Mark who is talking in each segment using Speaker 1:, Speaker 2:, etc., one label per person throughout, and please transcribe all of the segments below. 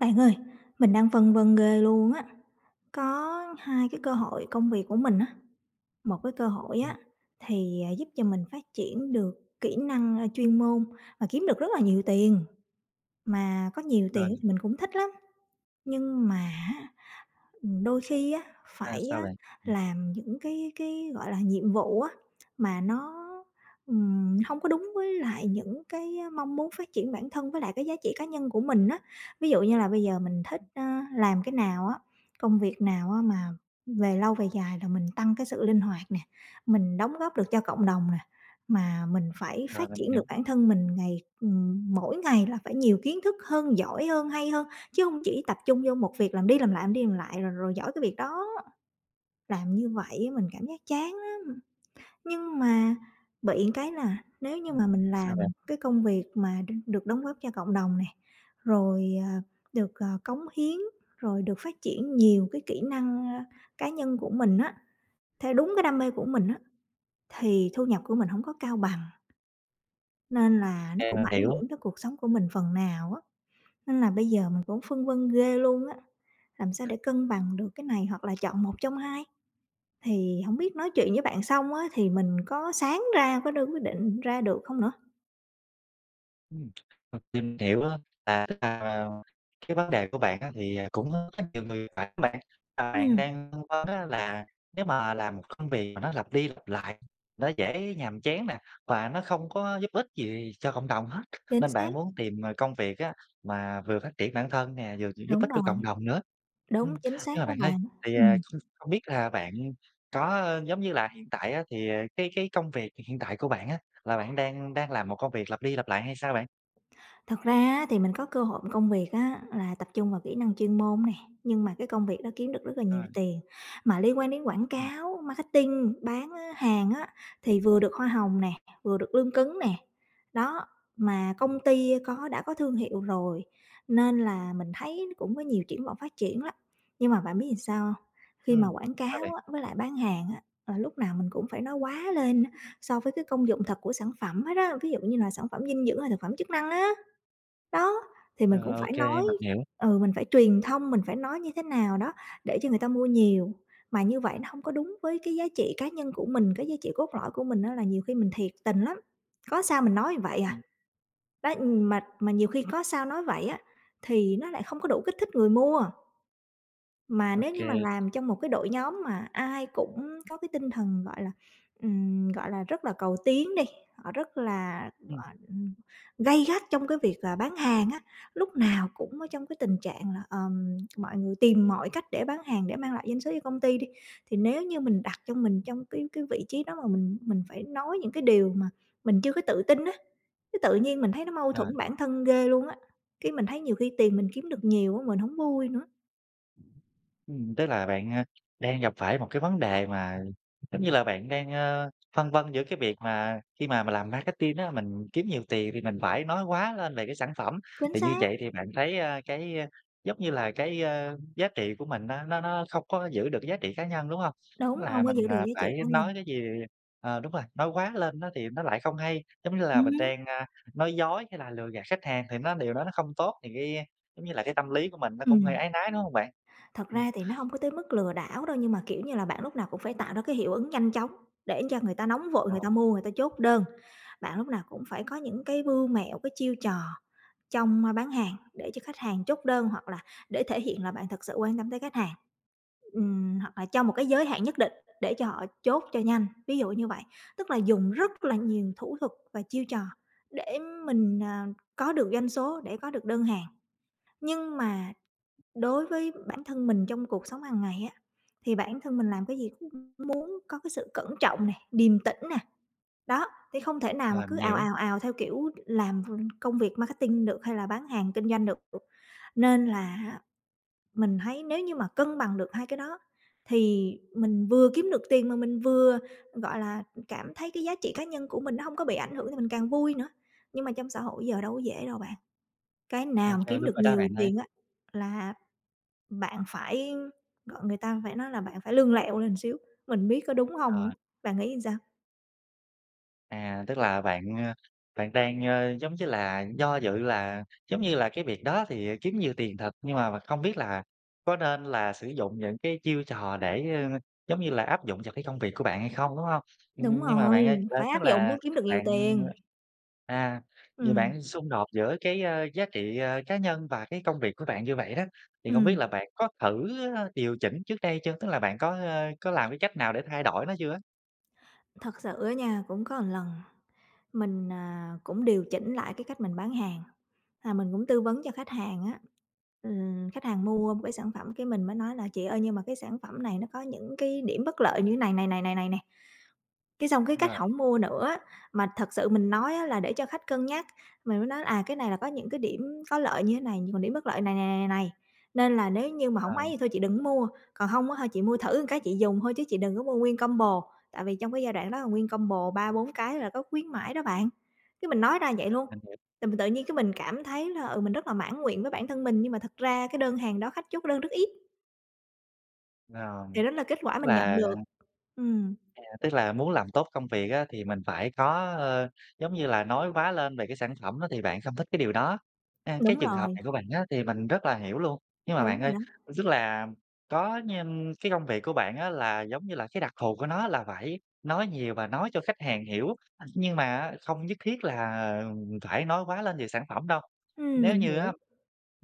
Speaker 1: Bạn ơi, mình đang phân vân ghê luôn á, có 2 cái cơ
Speaker 2: [unintelligible]
Speaker 1: hội công việc của mình á. 1 cái cơ hội
Speaker 2: Ừm.
Speaker 1: á thì, à, giúp cho mình phát triển được kỹ năng, a, chuyên môn và kiếm được rất là nhiều tiền, mà có nhiều tiền
Speaker 2: Rồi.
Speaker 1: ấy thì mình cũng thích lắm. Nhưng mà á, ừm, đôi khi á,
Speaker 2: À,
Speaker 1: phải
Speaker 2: sao
Speaker 1: á
Speaker 2: bạn? Ừm.
Speaker 1: làm những cái cái, gọi là, nhiệm vụ á mà nó, ừm, hông có đúng với lại những cái mong muốn phát triển bản thân với lại cái giá trị cá nhân của mình á. Ví dụ như là bây giờ mình thích, ờ, làm cái nào á, công việc nào á mà về lâu về dài là mình tăng cái sự linh hoạt nè, mình đóng góp được cho cộng đồng nè, mà mình phải
Speaker 2: Rồi,
Speaker 1: phát
Speaker 2: mình
Speaker 1: triển được
Speaker 2: hiểu.
Speaker 1: bản thân mình ngày ừm, mỗi ngày là phải nhiều kiến thức hơn, giỏi hơn, hay hơn. Chứ hông chỉ tập trung vô 1 việc làm đi làm lại, làm đi làm lại rồi rồi giỏi cái việc đó, làm như vậy á mình cảm giác chán lắm! Nhưng mà bị một cái là nếu như
Speaker 2: Ừm,
Speaker 1: mà mình
Speaker 2: sao
Speaker 1: làm
Speaker 2: bạn?
Speaker 1: cái công việc mà đ được đóng góp cho cộng đồng này, rồi, à, được, à, cống hiến, rồi được phát triển nhiều cái kỹ năng, a, cá nhân của mình á, theo đúng cái đam mê của mình á, thì thu nhập của mình hổng có cao bằng. Nên là nó
Speaker 2: À,
Speaker 1: cũng
Speaker 2: mình
Speaker 1: ảnh
Speaker 2: hiểu.
Speaker 1: hưởng tới cuộc sống của mình phần nào á. Nên là bây giờ mình cũng phân vân ghê luôn á, làm sao để cân bằng được cái này hoặc là chọn một trong hai? Thì hổng biết nói chuyện với bạn xong á thì mình có sáng ra, có đưa quyết định ra được hông nữa?
Speaker 2: Ừm, ờ, tìm hiểu á, là tức là, à, cái vấn đề của bạn á thì cũng, ơ, rất nhiều người, phải không bạn? Ờ, bạn
Speaker 1: Ừm.
Speaker 2: đang phân vân á là nếu mà làm một công việc mà nó lặp đi lặp lại, nó dễ nhàm chán nè, và nó không có giúp ích gì cho cộng đồng hết,
Speaker 1: Chính
Speaker 2: nên bạn
Speaker 1: xác.
Speaker 2: muốn tìm, ờ, công việc á mà vừa phát triển bản thân nè, vừa giúp
Speaker 1: Đúng
Speaker 2: ích cho
Speaker 1: rồi.
Speaker 2: cộng đồng nữa,
Speaker 1: Đúng,
Speaker 2: ưm.
Speaker 1: chính
Speaker 2: Nhưng
Speaker 1: xác
Speaker 2: mà
Speaker 1: đó
Speaker 2: bạn ơi,
Speaker 1: bạn,
Speaker 2: thì, ờ,
Speaker 1: ừm.
Speaker 2: không không biết là bạn có giống như là, hiện tại á thì, à, cái cái công việc hiện tại của bạn á, là bạn đang đang làm một công việc lặp đi lặp lại hay sao bạn?
Speaker 1: Thật ra á thì mình có cơ hội công việc á là tập trung vào kỹ năng chuyên môn nè, nhưng mà cái công việc đó kiếm được rất là nhiều
Speaker 2: Rồi.
Speaker 1: tiền, mà liên quan đến quảng
Speaker 2: Ừm.
Speaker 1: cáo, marketing, bán, á, hàng á thì vừa được hoa hồng nè, vừa được lương cứng nè, đó, mà công
Speaker 2: [unintelligible]
Speaker 1: ty có đã có thương hiệu rồi nên là mình thấy cũng có nhiều triển vọng phát triển lắm. Nhưng mà bạn biết sao? Khi mà
Speaker 2: Ừm,
Speaker 1: quảng
Speaker 2: sao bạn?
Speaker 1: cáo á với lại bán hàng á, ờ, lúc nào mình cũng phải nói quá lên á so với cái công dụng thật của sản phẩm hết á, ví dụ như là sản phẩm dinh dưỡng hay là phẩm chức năng á. Đó, thì
Speaker 2: Ờ,
Speaker 1: mình cũng
Speaker 2: ô
Speaker 1: phải
Speaker 2: kê,
Speaker 1: nói
Speaker 2: mình hiểu.
Speaker 1: ừ, mình phải truyền thông, mình phải nói như thế nào đó để cho người ta mua nhiều. Mà như vậy nó hông có đúng với cái giá trị cá nhân của mình, cái giá trị cốt lõi của mình á là nhiều khi mình thiệt tình lắm, có sao mình nói vậy à.
Speaker 2: Ừm.
Speaker 1: Đó, mà mà nhiều khi có sao nói vậy á thì nó lại không có đủ kích thích người mua. Mà
Speaker 2: Ô
Speaker 1: nếu như mà
Speaker 2: kê.
Speaker 1: làm trong một cái đội nhóm mà ai cũng có cái tinh thần, gọi là, ừm, gọi là, rất là cầu tiến đi, họ rất là
Speaker 2: Ừm.
Speaker 1: gọi ừm, gay gắt trong cái việc là bán hàng á, lúc nào cũng ở trong cái tình trạng là, ờm, mọi người tìm mọi cách để bán hàng, để mang lại doanh số cho công ty đi, thì nếu như mình đặt cho mình trong cái cái vị trí đó mà mình mình phải nói những cái điều mà mình chưa có tự tin á, cái tự nhiên mình thấy nó mâu
Speaker 2: Ờ.
Speaker 1: thuẫn bản thân ghê luôn á, cái mình thấy nhiều khi tiền mình kiếm được nhiều á mình hổng vui nữa.
Speaker 2: Ừm, tức là bạn, a, đang gặp phải một cái vấn đề mà giống như là, bạn đang, ơ, phân vân giữa cái việc mà khi mà mình làm marketing á, mình kiếm nhiều tiền thì mình phải nói quá lên về cái sản phẩm.
Speaker 1: Chính
Speaker 2: Thì như
Speaker 1: xác.
Speaker 2: vậy thì bạn thấy, a, cái, a, giống như là, cái, a, giá trị của mình nó nó nó không có giữ được cái giá trị cá nhân, đúng hông?
Speaker 1: Đúng,
Speaker 2: Là
Speaker 1: hông có
Speaker 2: mình,
Speaker 1: giữ được
Speaker 2: ờ,
Speaker 1: giá trị
Speaker 2: phải
Speaker 1: của mình.
Speaker 2: nói cái gì ờ, đúng rồi, nói quá lên á thì nó lại không hay, giống như là mình
Speaker 1: Ừm.
Speaker 2: đang, ơ, nói dối hay là lừa gạt khách hàng thì nó điều đó nó không tốt, thì cái, ơ, giống như là, cái tâm lý của mình nó cũng hơi
Speaker 1: Ừm.
Speaker 2: áy náy, đúng không bạn?
Speaker 1: Thật
Speaker 2: Ừm.
Speaker 1: ra thì nó hông có tới mức lừa đảo đâu, nhưng mà, kiểu như là, bạn lúc nào cũng phải tạo ra cái hiệu ứng nhanh chóng để cho người ta nóng vội, người ta
Speaker 2: [unintelligible]
Speaker 1: mua, người ta chốt đơn. Bạn lúc nào cũng phải có những cái mưu mẹo, cái chiêu trò trong bán hàng để cho khách hàng chốt đơn hoặc là để thể hiện là bạn thật sự quan tâm tới khách hàng, ừm, hoặc là trong một cái giới hạn nhất định để cho họ chốt cho nhanh, ví dụ như vậy. Tức là dùng rất là nhiều thủ thuật và chiêu trò, để mình, à, có được doanh số, để có được đơn hàng. Nhưng mà đối với bản thân mình trong cuộc sống hàng ngày á, thì bản thân mình làm cái gì muốn có cái sự cẩn trọng này, điềm tĩnh nè, đó, thì không thể nào mà
Speaker 2: Rồi,
Speaker 1: cứ
Speaker 2: mình
Speaker 1: ào,
Speaker 2: hiểu.
Speaker 1: ào, ào theo kiểu làm v công việc marketing được, hay là bán hàng kinh doanh được. Nên là hạ mình thấy nếu như mà cân bằng được 2 cái đó thì mình vừa kiếm được tiền, mà mình vừa, gọi là, cảm thấy cái giá trị cá nhân của mình nó hông có bị ảnh hưởng thì mình càng vui nữa. Nhưng mà trong xã hội giờ đâu có dễ đâu bạn, cái
Speaker 2: Ô
Speaker 1: nào mà
Speaker 2: kê,
Speaker 1: kiếm
Speaker 2: đúng
Speaker 1: được
Speaker 2: rồi đó
Speaker 1: nhiều
Speaker 2: bạn ơi.
Speaker 1: tiền á là bạn phải gọi người ta, phải nói là bạn phải lươn lẹo lên xíu, mình biết có đúng hông
Speaker 2: Ờ.
Speaker 1: nữa, bạn nghĩ sao?
Speaker 2: À, tức là bạn, a, bạn đang, a, giống như là, do dự là, giống như là, cái việc đó thì kiếm nhiều tiền thật, nhưng mà mà không biết là có nên là sử dụng những cái chiêu trò để, ơ, giống như là, áp dụng cho cái công việc của bạn hay không, đúng hông?
Speaker 1: Đúng
Speaker 2: Nhưng mà
Speaker 1: rồi,
Speaker 2: bạn ơi, ơ,
Speaker 1: phải
Speaker 2: tức
Speaker 1: áp dụng
Speaker 2: là
Speaker 1: mới kiếm được nhiều
Speaker 2: bạn
Speaker 1: tiền.
Speaker 2: à, vậy
Speaker 1: Ừm.
Speaker 2: bạn xung đột giữa cái, a, giá trị, à, cá nhân và cái công việc của bạn như vậy đó, thì không biết
Speaker 1: Ừm.
Speaker 2: là bạn có thử, a, điều chỉnh trước đây chưa? Tức là bạn có, ơ, có làm cái cách nào để thay đổi nó chưa á?
Speaker 1: Thật sự á nha, cũng có lần mình, à, cũng điều chỉnh lại cái cách mình bán hàng, và mình cũng tư vấn cho khách hàng á. Ừm, khách hàng mua một cái sản phẩm, cái mình mới nói là chị ơi, nhưng mà cái sản phẩm này nó có những cái điểm bất lợi như thế này này, này, này, này, này. Cái xong cái khách
Speaker 2: Rồi.
Speaker 1: hổng mua nữa á, mà thật sự mình nói á là để cho khách cân nhắc. Mình mới nói à, cái này là có những cái điểm có lợi như thế này, nhưng mà điểm bất lợi này, này, này, này, nên là nếu như mà hổng
Speaker 2: Rồi.
Speaker 1: ấy thì thôi chị đừng có mua, còn hông á, chị mua thử một cái chị dùng thôi, chứ chị đừng có mua nguyên combo. Tại vì trong cái giai đoạn đó là nguyên combo 3-4 cái là có khuyến mãi đó bạn, cái mình nói ra vậy luôn.
Speaker 2: Mình hiểu.
Speaker 1: Tự tự nhiên cái mình cảm thấy là, ừ, mình rất là mãn nguyện với bản thân mình, nhưng mà thực ra cái đơn hàng đó, khách chốt đơn rất ít.
Speaker 2: Rồi,
Speaker 1: Thì đó là kết quả
Speaker 2: tức
Speaker 1: mình nhận
Speaker 2: là
Speaker 1: được. Ừm.
Speaker 2: À, tức là muốn làm tốt công việc á thì mình phải có, ờ, giống như là, nói quá lên về cái sản phẩm đó, thì bạn không thích cái điều đó. A, cái
Speaker 1: Đúng
Speaker 2: trường hợp
Speaker 1: rồi.
Speaker 2: này của bạn á thì mình rất là hiểu luôn. Nhưng mà bạn
Speaker 1: Đúng
Speaker 2: ơi,
Speaker 1: rồi đó.
Speaker 2: tức là có nh cái công việc của bạn á, là, giống như là, cái đặc thù của nó là phải nói nhiều và nói cho khách hàng hiểu, nhưng mà á không nhất thiết là phải nói quá lên về sản phẩm đâu.
Speaker 1: Ừm,
Speaker 2: Nếu
Speaker 1: mình
Speaker 2: như
Speaker 1: hiểu.
Speaker 2: á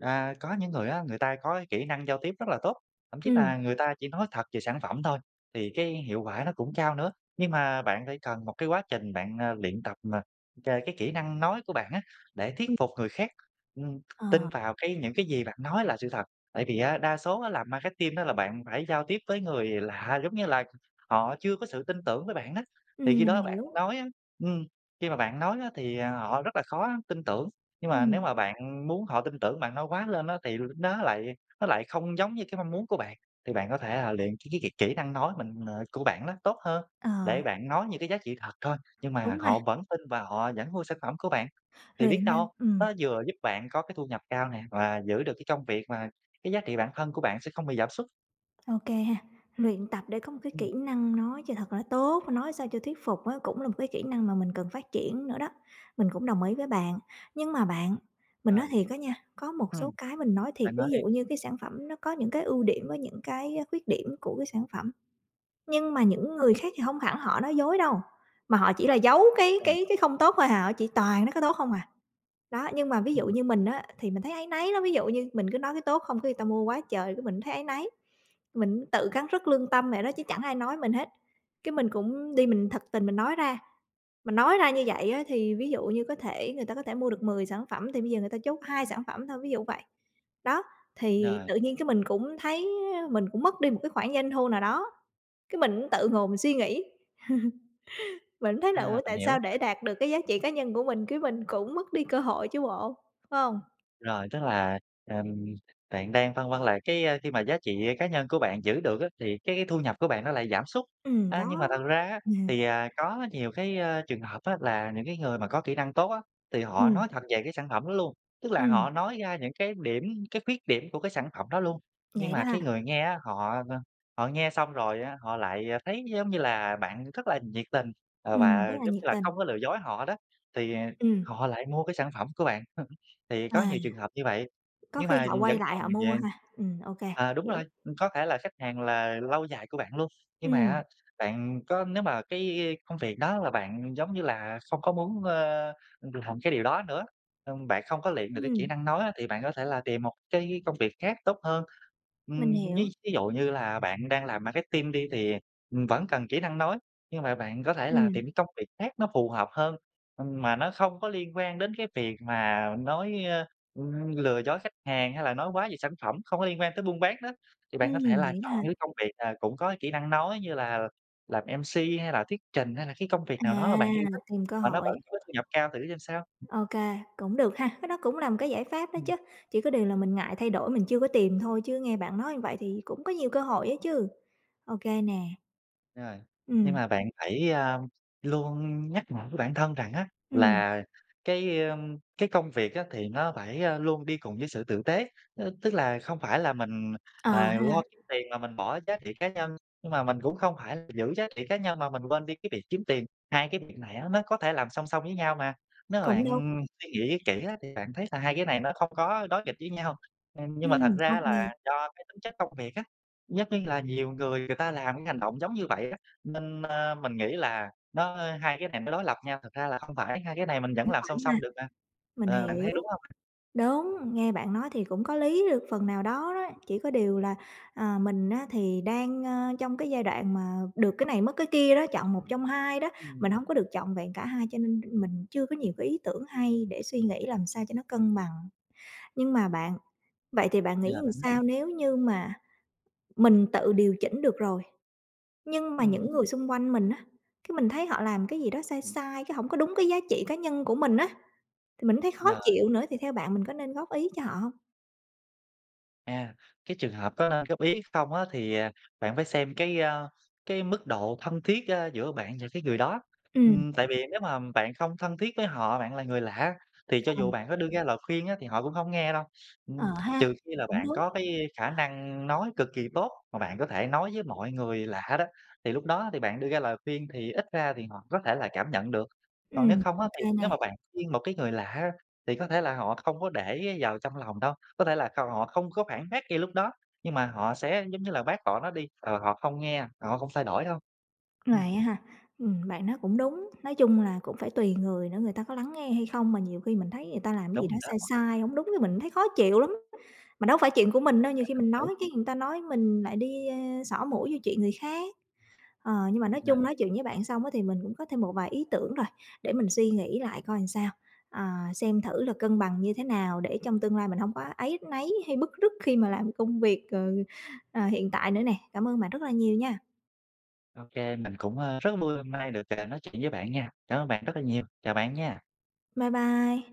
Speaker 2: à, có những người á, người ta có cái kỹ năng giao tiếp rất là tốt, thậm chí
Speaker 1: Ừm.
Speaker 2: là người ta chỉ nói thật về sản phẩm thôi thì cái hiệu quả nó cũng cao nữa. Nhưng mà bạn phải cần một cái quá trình bạn, à, luyện tập, à, c cái kỹ năng nói của bạn á, để thuyết
Speaker 1: Ừm.
Speaker 2: phục người khác, ừm, tin
Speaker 1: Ờ.
Speaker 2: vào cái những cái gì bạn nói là sự thật. Tại vì á đa số á, làm marketing là bạn phải giao tiếp với người lạ, giống như là họ chưa có sự tin tưởng với bạn đó. Thì
Speaker 1: Ừm,
Speaker 2: khi đó
Speaker 1: mình
Speaker 2: bạn
Speaker 1: hiểu.
Speaker 2: nói á ừm, khi mà bạn nói á thì họ rất là khó tin tưởng. Nhưng mà nếu
Speaker 1: Ừm.
Speaker 2: mà bạn muốn họ tin tưởng, bạn nói quá lên á thì n nó lại nó lại không giống như cái mong muốn của bạn, thì bạn có thể là luyện c cái kỹ kỹ năng nói mình, ờ của bạn nó tốt hơn để
Speaker 1: Ờ.
Speaker 2: bạn nói những cái giá trị thật thôi, nhưng mà
Speaker 1: Đúng ha.
Speaker 2: họ vẫn tin và họ vẫn mua sản phẩm của bạn. Thì biết
Speaker 1: Luyện năng,
Speaker 2: đâu
Speaker 1: ừm.
Speaker 2: nó vừa giúp bạn có cái thu nhập cao nè, và giữ được cái công việc mà cái giá trị bản thân của bạn sẽ không bị giảm sút.
Speaker 1: Ô kê ha. Luyện tập để có một cái
Speaker 2: Ừm.
Speaker 1: kỹ năng nói cho thật là tốt, nói sao cho thuyết phục á, cũng là một cái kỹ năng mà mình cần phát triển nữa đó, mình cũng đồng ý với bạn. Nhưng mà bạn, mình nói
Speaker 2: Rồi.
Speaker 1: thiệt á nha, có một số
Speaker 2: Ừm.
Speaker 1: cái mình nói thiệt,
Speaker 2: Bạn
Speaker 1: ví
Speaker 2: nói đi.
Speaker 1: dụ như cái sản phẩm nó có những cái ưu điểm với những cái á khuyết điểm của cái sản phẩm, nhưng mà những người khác thì hông hẳn họ nói dối đâu, mà họ chỉ là giấu cái cái
Speaker 2: [unintelligible]
Speaker 1: cái không tốt thôi hà, họ chỉ toàn nói cái tốt không. Đó, nhưng mà ví dụ
Speaker 2: Ừm.
Speaker 1: như mình á, thì mình thấy áy náy lắm, ví dụ như mình cứ nói cái tốt không cái người ta mua quá trời, cái mình thấy áy náy. Mình tự cắn rứt lương tâm vậy đó, chứ chẳng ai nói mình hết, cái mình cũng đi, mình thật tình mình nói ra, mình nói ra như vậy á thì ví dụ như có thể người ta có thể mua được 10 sản phẩm, thì bây giờ người ta chốt 2 sản phẩm thôi, ví dụ vậy. Đó, thì
Speaker 2: Rồi.
Speaker 1: tự nhiên cái mình cũng thấy mình cũng mất đi một cái khoản doanh thu nào đó, cái mình cũng tự ngồi mình suy nghĩ, mình mới thấy là,
Speaker 2: À,
Speaker 1: ủa, tại
Speaker 2: mình hiểu.
Speaker 1: sao để đạt được cái giá trị cá nhân của mình cái mình cũng mất đi cơ hội chứ bộ, phải hông?
Speaker 2: Rồi, tức là, ừm, bạn đang vân vân là cái, a, khi mà giá trị cá nhân của bạn giữ được á, thì cái cái thu nhập của bạn nó lại giảm sút.
Speaker 1: Ừm,
Speaker 2: A, nhưng mà
Speaker 1: đó.
Speaker 2: thật ra á, thì, à, có nhiều cái, a, trường hợp á là những cái người mà có kỹ năng tốt á, thì họ
Speaker 1: Ừm.
Speaker 2: nói thật về cái sản phẩm đó luôn. Tức là
Speaker 1: Ừm.
Speaker 2: họ nói ra những cái điểm cái khuyết điểm của cái sản phẩm đó luôn, nhưng
Speaker 1: Vậy đó
Speaker 2: mà
Speaker 1: ha?
Speaker 2: cái người nghe á, họ, ờ, ờ, họ nghe xong rồi á họ lại thấy nó giống như là bạn rất là nhiệt tình, ờ,
Speaker 1: Ừm,
Speaker 2: và,
Speaker 1: rất là
Speaker 2: giống
Speaker 1: nhiệt
Speaker 2: như là,
Speaker 1: tình.
Speaker 2: không có lừa dối họ đó, thì, ờ,
Speaker 1: Ừm.
Speaker 2: họ lại mua cái sản phẩm của bạn, thì có
Speaker 1: À.
Speaker 2: nhiều trường hợp như vậy.
Speaker 1: Có
Speaker 2: Nhưng
Speaker 1: khi
Speaker 2: mà
Speaker 1: họ quay
Speaker 2: vẫn
Speaker 1: lại
Speaker 2: còn
Speaker 1: họ mua
Speaker 2: về
Speaker 1: ha. Ừm, ô kê,
Speaker 2: ờ, đúng rồi,
Speaker 1: hiểu.
Speaker 2: ừm, có thể là khách hàng là lâu dài của bạn luôn. Nhưng mà
Speaker 1: Ừm.
Speaker 2: á, bạn có nếu mà cái, i, i, công việc đó là bạn, giống như là, không có muốn, ơ, ừm, làm cái điều đó nữa, ừm, bạn không có luyện được cái kỹ
Speaker 1: Ừm.
Speaker 2: năng nói á, thì bạn có thể là tìm một cái công việc khác tốt hơn.
Speaker 1: Mình
Speaker 2: Ừm,
Speaker 1: hiểu.
Speaker 2: ví thí dụ như là bạn đang làm marketing đi, thì, ừm, vẫn cần kỹ năng nói, nhưng mà bạn có thể là
Speaker 1: Ừm.
Speaker 2: tìm cái công việc khác nó phù hợp hơn, ừm, mà nó không có liên quan đến cái việc mà nói, ơ, ừm, lừa dối khách hàng, hay là nói quá về sản phẩm, không có liên quan tới buôn bán đó. Thì bạn có thể
Speaker 1: Ừm,
Speaker 2: là
Speaker 1: vậy đó
Speaker 2: chọn
Speaker 1: hả?
Speaker 2: những công việc, à, cũng có cái kỹ năng nói như là làm MC, hay là thuyết trình, hay là cái công việc
Speaker 1: À!
Speaker 2: nào đó mà bạn yêu thích,
Speaker 1: Tìm cơ
Speaker 2: mà nó vẫn
Speaker 1: hội.
Speaker 2: có thu nhập cao thử xem sao.
Speaker 1: Ô kê, cũng được ha. Cái đó cũng là một cái giải pháp đó
Speaker 2: Ừm.
Speaker 1: chứ, chỉ có điều là mình ngại thay đổi, mình chưa có tìm thôi, chứ nghe bạn nói như vậy thì cũng có nhiều cơ hội á chứ. Ô kê nè.
Speaker 2: Rồi. Nhưng
Speaker 1: Ừm.
Speaker 2: mà bạn phải, a, luôn nhắc nhở với bản thân rằng á,
Speaker 1: Ừm.
Speaker 2: là cái, ờ, cái công việc á thì nó phải, a, luôn đi cùng với sự tử tế, ơ, tức là không phải là mình,
Speaker 1: Ờ
Speaker 2: à, lo
Speaker 1: ha.
Speaker 2: kiếm tiền mà mình bỏ giá trị cá nhân, nhưng mà mình cũng không phải giữ giá trị cá nhân mà mình quên đi cái việc kiếm tiền. Hai cái việc này á nó có thể làm song song với nhau mà. Nếu mà
Speaker 1: Cũng đúng.
Speaker 2: bạn suy nghĩ kỹ á thì bạn thấy là hai cái này nó không có đối nghịch với nhau. Ừm, nhưng mà thật
Speaker 1: Ừm, ô
Speaker 2: ra là
Speaker 1: kê.
Speaker 2: do cái tính chất công việc á, rất là nhiều người, người ta làm cái hành động giống như vậy ấy, nên, ờ, mình nghĩ là nó hai cái này nó đối lập nhau, thật ra là không phải, hai cái này mình vẫn
Speaker 1: Cũng
Speaker 2: làm song
Speaker 1: phải ha.
Speaker 2: song được mà.
Speaker 1: Mình
Speaker 2: Ờ, bạn
Speaker 1: hiểu.
Speaker 2: thấy đúng hông?
Speaker 1: Đúng, nghe bạn nói thì cũng có lý được phần nào đó đó, chỉ có điều là, à, mình á thì đang, a, trong cái giai đoạn mà được cái này mất cái kia đó, chọn một trong hai đó,
Speaker 2: Ừm.
Speaker 1: mình hông có được trọn vẹn cả hai cho nên mình chưa có nhiều cái ý tưởng hay để suy nghĩ làm sao cho nó cân bằng. Nhưng mà bạn, vậy thì bạn nghĩ làm
Speaker 2: [unintelligible]
Speaker 1: sao nếu như mà mình tự điều chỉnh được rồi, nhưng mà
Speaker 2: Ừm.
Speaker 1: những người xung quanh mình á, cái mình thấy họ làm cái gì đó sai sai, cái hổng có đúng cái giá trị cá nhân của mình á, thì mình cũng thấy khó
Speaker 2: Rồi.
Speaker 1: chịu nữa thì theo bạn mình có nên góp ý cho họ hông?
Speaker 2: À, cái trường hợp có nên góp ý không á thì, à, bạn phải xem cái, a, cái mức độ thân thiết, ơ, giữa bạn và cái người đó,
Speaker 1: Ừm.
Speaker 2: ừm, tại vì nếu mà bạn không thân thiết với họ, bạn là người lạ, thì cho dù
Speaker 1: Ờm.
Speaker 2: bạn có đưa ra lời khuyên á, thì họ cũng hông nghe đâu, ừm,
Speaker 1: Ờ
Speaker 2: trừ
Speaker 1: ha,
Speaker 2: khi là
Speaker 1: cũng
Speaker 2: bạn
Speaker 1: đúng.
Speaker 2: có cái khả năng nói cực kỳ tốt mà bạn có thể nói với mọi người lạ đó, thì lúc đó thì bạn đưa ra lời khuyên thì ít ra thì họ có thể là cảm nhận được. Còn nếu
Speaker 1: Ừm,
Speaker 2: không
Speaker 1: ô
Speaker 2: á,
Speaker 1: kê
Speaker 2: thì nếu
Speaker 1: nè.
Speaker 2: mà bạn khuyên một cái người lạ á, thì có thể là họ không có để vào trong lòng đâu, có thể là cầu họ không có phản bác ngay lúc đó, nhưng mà họ sẽ, giống như là, bác bỏ nó đi, ờ, họ không nghe, họ không thay đổi đâu. Ừm.
Speaker 1: Vậy á ha? Ừm, bạn nói cũng đúng, nói chung là cũng phải tùy người nữa người ta có lắng nghe hay không mà nhiều khi mình thấy người ta làm cái
Speaker 2: Đúng
Speaker 1: gì đó
Speaker 2: rồi
Speaker 1: sai
Speaker 2: đó.
Speaker 1: sai hổng đúng cái mình thấy khó chịu lắm, mà đâu phải chuyện của mình đâu,
Speaker 2: À,
Speaker 1: nhiều khi
Speaker 2: mình
Speaker 1: mình
Speaker 2: hiểu.
Speaker 1: nói cái người ta nói mình lại đi, a, xỏ mũi vô chuyện người khác. Ờ, nhưng mà nói chung
Speaker 2: [unintelligible]
Speaker 1: nói chuyện với bạn xong á, thì mình cũng có thêm một vài ý tưởng rồi, để mình suy nghĩ lại coi làm sao, à, xem thử là cân bằng như thế nào để trong tương lai mình hông có áy náy hay bứt rứt khi mà làm công việc, cừ, ờ, hiện tại nữa nè, cảm ơn bạn rất là nhiều nha.
Speaker 2: Ô kê, mình cũng, ơ, rất vui hôm nay được, ờ, nói chuyện với bạn nha. Cảm ơn bạn rất là nhiều, chào bạn nha.
Speaker 1: Bye bye.